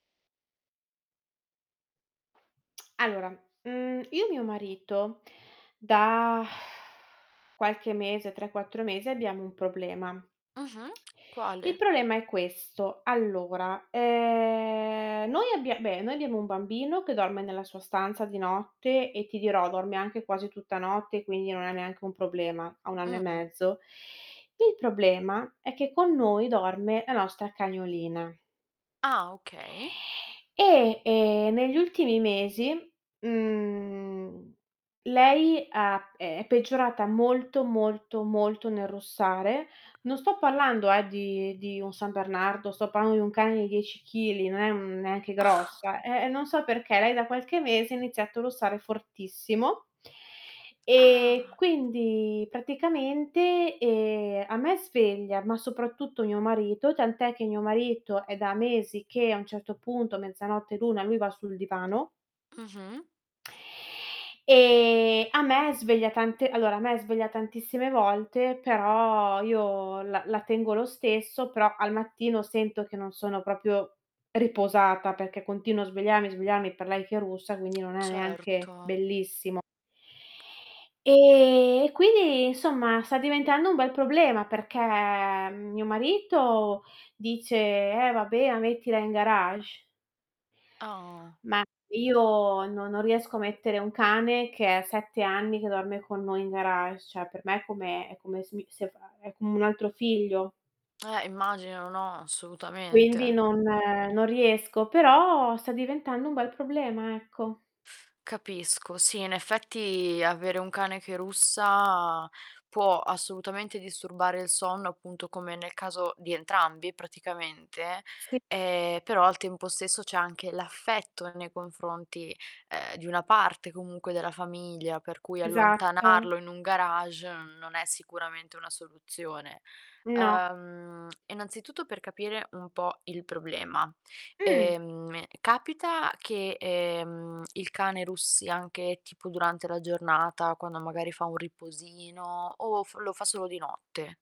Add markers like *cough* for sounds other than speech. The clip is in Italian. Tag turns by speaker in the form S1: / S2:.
S1: Allora, mhmm, io e mio marito da *sighs* qualche mese, 3, 4 mesi, abbiamo un problema.
S2: Mh-mh, *clicks tongue*
S1: Il
S2: quale?
S1: problema è questo: allora, ehm, noi abbia beh, noi abbiamo un bambino che dorme nella sua stanza di notte e, ti dirò, dorme anche quasi tutta notte, quindi non è neanche un problema. Ha 1 anno e
S2: Mh-mh.
S1: mezzo. Il problema è che con noi dorme la nostra cagnolina.
S2: Ah, okay.
S1: E, ehm, negli ultimi mesi, mhmm, lei ha ehm, è peggiorata molto, molto, molto nel russare. Non sto parlando, ehm, di di un San Bernardo, sto parlando di un cane di 10 kg, non è un non è neanche
S2: *chuckles*
S1: grossa. Eh, eh, non so perché, lei da qualche mese ha iniziato a russare fortissimo. E
S2: Ah!
S1: quindi, praticamente, ehm, a me sveglia, ma soprattutto mio marito, tant'è che mio marito è da mesi che, a un certo punto, mezzanotte, l'1, lui va sul divano.
S2: Mh-mh.
S1: E a me sveglia tante allora, a me sveglia tantissime volte, però io la la tengo lo stesso, però al mattino sento che non sono proprio riposata, perché continuo a svegliarmi, svegliarmi per lei che russa, quindi non è neanche
S2: Certo.
S1: bellissimo. Ehm, e, quindi, insomma, sta diventando un bel problema perché mio marito dice: "Eh, vabbè, ma mettila in garage".
S2: Oh.
S1: Ma io no non riesco a mettere un cane, che è 7 anni che dorme con noi, in garage. Cioè per me è come è come se mi se fa uhm, è come un altro figlio.
S2: Eh, immagino, no,
S1: Quindi
S2: assolutamente.
S1: non non riesco. Però sta diventando un bel problema, ecco.
S2: Capisco. Sì, in effetti avere un cane che russa può assolutamente disturbare il sonno, appunto, come nel caso di entrambi, praticamente.
S1: Sì.
S2: Ehm, però, al tempo stesso, c'è anche l'affetto nei confronti, ehm, di una parte comunque della famiglia, per cui
S1: Esatto.
S2: allontanarlo in un garage n non è sicuramente una soluzione.
S1: No.
S2: Ehm, innanzitutto, per capire un po' il problema:
S1: Mh.
S2: ehm, capita che, ehm, il cane russi anche tipo durante la giornata, quando magari fa un riposino o f lo fa solo di notte?